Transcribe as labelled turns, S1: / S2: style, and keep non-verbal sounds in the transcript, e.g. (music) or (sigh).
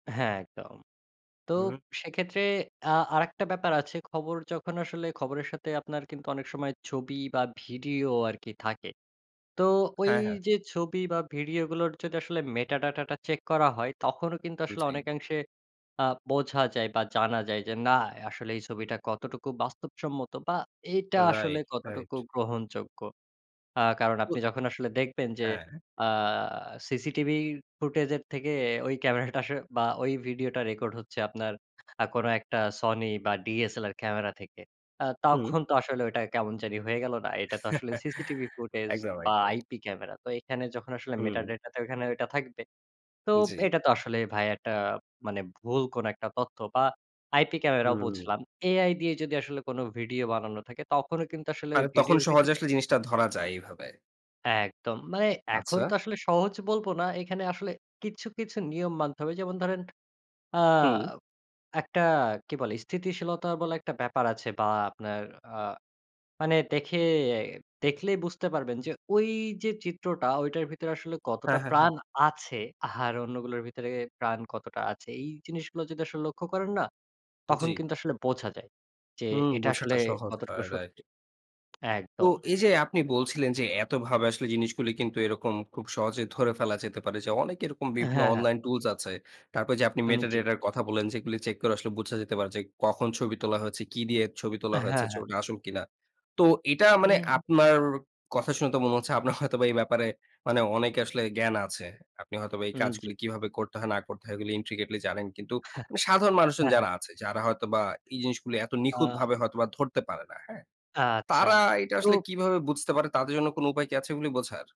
S1: হ্যাঁ, একদম। তো
S2: উম
S1: সেক্ষেত্রে আ আরেকটা ব্যাপার আছে। খবর যখন আসলে খবরের সাথে আপনার কিন্তু অনেক সময় ছবি বা ভিডিও আরকি থাকে। তো ওই
S2: হ্যাঁ, হ্যাঁ।
S1: যে ছবি বা ভিডিওগুলোর যদি আসলে মেটা ডাটাটা চেক করা হয় তখনও কিন্তু আসলে
S2: জ্বী।
S1: অনেকাংশে আ বোঝা যায় বা জানা যায় যে না আসলে এই ছবিটা কতটুকু বাস্তবসম্মত বা এটা আসলে
S2: রাইট, রাইট।
S1: কতটুকু গ্রহণযোগ্য। আ কারণ
S2: তো
S1: আপনি যখন আসলে দেখবেন যে
S2: হ্যাঁ।
S1: আ সিসিটিভি ফুটেজের থেকে ওই ক্যামেরাটা আসলে বা ভিডিওটা রেকর্ড হচ্ছে আপনার আ কোন একটা Sony বা DSLR ক্যামেরা থেকে। আ
S2: হুম।
S1: তখন তো আসলে ঐটা কেমন জানি হয়ে গেল না? এইটা তো আসলে সিসিটিভি
S2: (chuckles)
S1: ফুটেজ
S2: একদম,
S1: বা
S2: একদম।
S1: IP camera. তো এখানে যখন আসলে
S2: হুম।
S1: মেটাডেটাতে ওইখানে ঐটা থাকবে। তো
S2: জ্বি।
S1: এটা তো আসলে ভাইয়া একটা মানে ভুল কোন একটা তথ্য বা আইপি ক্যামেরাও
S2: হুম।
S1: বুঝলাম। AI দিয়ে যদি আসলে কোন ভিডিও বানানো থাকে তখনও কিন্তু আসলে ওই
S2: মানে তখন
S1: ভিডিওর
S2: সহজে
S1: ভেতরে
S2: আসলে জিনিসটা ধরা যায় এইভাবে।
S1: একদম। মানে এখন
S2: আচ্ছা।
S1: তো আসলে সহজ বলবো না। এখানে আসলে কিছু, কিছু নিয়ম মানতে হবে। যেমন ধরেন, আ
S2: হু।
S1: একটা কি বলে? স্থিতিশীলতা বলা একটা ব্যাপার আছে বা আপনার আ মানে দেখে দেখলেই বুঝতে পারবেন যে ওই যে চিত্রটা ঐটার ভেতরে আসলে
S2: হ্যাঁ,
S1: কতটা
S2: হ্যাঁ, হ্যাঁ।
S1: প্রাণ আছে আর অন্যগুলোর ভেতরে প্রাণ কতটা আছে। এই জিনিসগুলো যদি আসলে লক্ষ্য করেন না, তখন
S2: জ্বি।
S1: কিন্তু আসলে বোঝা যায়। যে
S2: হু,
S1: এটা
S2: বোঝাটা
S1: আসলে
S2: সহজ
S1: কতটুকু
S2: হয় রাইট।
S1: সত্যি।
S2: তো
S1: একদম।
S2: এই যে আপনি বলছিলেন যে, এতভাবে আসলে জিনিসগুলি কিন্তু এরকম খুব সহজে ধরে ফেলা যেতে পারে। যে অনেক এরকম
S1: হ্যাঁ,
S2: বিভিন্ন
S1: হ্যাঁ।
S2: অনলাইন টুলস আছে। তারপর যে আপনি
S1: উম জি।
S2: মেটাডাটার কথা বললেন, যেগুলি চেক করে আসলে বুঝা যেতে পারে, যে কখন ছবি তোলা হয়েছে, কি দিয়ে ছবি তোলা
S1: হ্যাঁ,
S2: হয়েছে,
S1: হ্যাঁ।
S2: ছবিটা আসল কিনা। তো এটা
S1: উ
S2: মানে
S1: হু।
S2: আপনার কথা শুনে তো মনে হচ্ছে আপনার হয়তোবা এই ব্যাপারে মানে অনেকে আসলে জ্ঞান আছে। আপনি হয়তোবা এই
S1: উম জি।
S2: কাজগুলি কিভাবে করতে হয়, না করতে হয় এগুলি intricately জানেন। কিন্তু
S1: আহ
S2: সাধারণ মানুষজন
S1: অ্যা
S2: যারা আছে যারা হয়তোবা এই জিনিসগুলি এত
S1: আ
S2: নিখুঁতভাবে হয়তোবা ধরতে পারে না। হ্যাঁ?
S1: আচ্ছা
S2: তারা এটা আসলে
S1: তো
S2: কিভাবে বুঝতে পারে? তাদের জন্য কোন উপায় কি আছে এগুলি বোঝার?